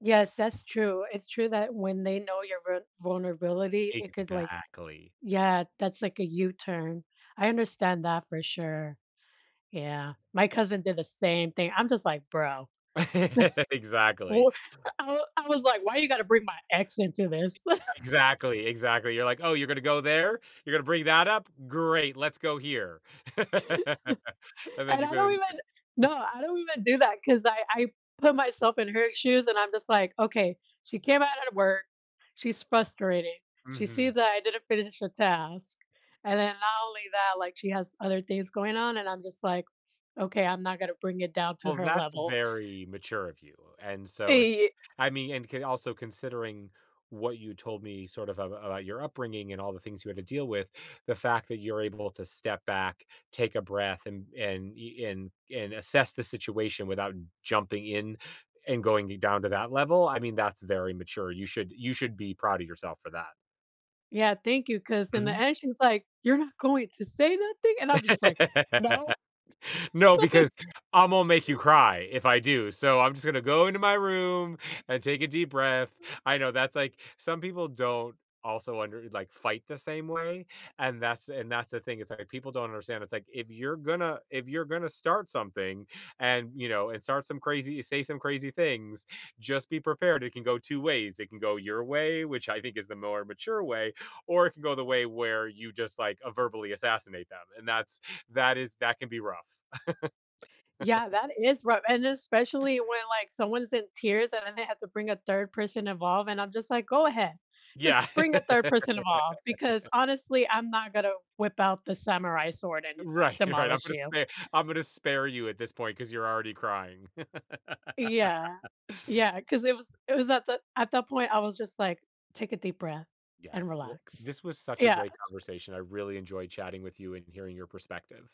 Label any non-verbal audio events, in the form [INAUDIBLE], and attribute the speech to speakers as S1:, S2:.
S1: Yes, that's true. It's true that when they know your ver vulnerability, it could, like
S2: Exactly.
S1: yeah, that's, like, a U-turn. I understand that for sure. Yeah. My cousin did the same thing I'm just like, "Bro."
S2: [LAUGHS]
S1: [CHUCKLES]
S2: Exactly.
S1: Ooh I w I was like, "Why you gotta bring my accent to this?" [LAUGHS]
S2: Exactly. Exactly, you're like, "Oh, you're gonna go there? You're gonna bring that up? Great. Let's go here." [LAUGHS]
S1: [LAUGHS]
S2: And then
S1: And
S2: you
S1: I
S2: go
S1: don't
S2: in
S1: even
S2: go
S1: no,
S2: [CHUCKLES]
S1: I don't even do that, 'cause I I put myself in her shoes, and I'm just like, "Okay. She came out of work. She's frustrated. She
S2: Mhm.
S1: sees that I didn't finish a task," and then, not only that, like, she has other things going on, and I'm just like, "Okay, I'm not gonna bring it down to
S2: Well,
S1: her
S2: that's
S1: level."
S2: very mature of you, and so, es
S1: Eh, ye
S2: I mean and can also considering what you told me, sort of, ab about your upbringing, and all the things you had to deal with, the fact that you're able to step back, take a breath, and and e and and assess the situation without jumping in, and going i down to that level, I mean, that's very mature, you should you should be proud of yourself for that.
S1: Yeah, thank you, 'cause in the
S2: Mhm.
S1: end, she's like, "You're not going to say nothing?" And I'm just like, "No."
S2: [LAUGHS] "No,
S1: [LAUGHS]
S2: because Imma make you cry, if I do, so, I'm just gonna go into my room, and take a deep breath." I know, that's, like some people don't also under like, fight the same way, and that's and that's the thing, it's, like, people don't understand, it's, like, if you're gonna if you're gonna start something, and, you know and start some crazy say some crazy things, just be prepared, it can go 2 ways, it can go your way, which I think is the more mature way, or it can go the way where you just, like, a verbally assassinate them, and that's that is that can be rough.
S1: Yeah,
S2: [CHUCKLES]
S1: that is rough, and especially when, like, someone's in tears, and then they have to bring a 3rd person involved, and I'm just like, "Go ahead.
S2: Yeah.
S1: Just bring a 3rd person involved, because,
S2: [CHUCKLES]
S1: honestly, I'm not gonna whip out the samurai sword and
S2: Right, right, "I'm
S1: demolish
S2: gonna
S1: you."
S2: spare I'm gonna spare you at this point, 'cause you're already crying."
S1: Yeah.
S2: [CHUCKLES]
S1: Yeah, 'cause it was it was at the at that point, I was just like, "Take a deep breath and
S2: Yes, well,
S1: relax."
S2: this was such a
S1: Yeah.
S2: great conversation, I really enjoyed chatting with you and hearing your perspective.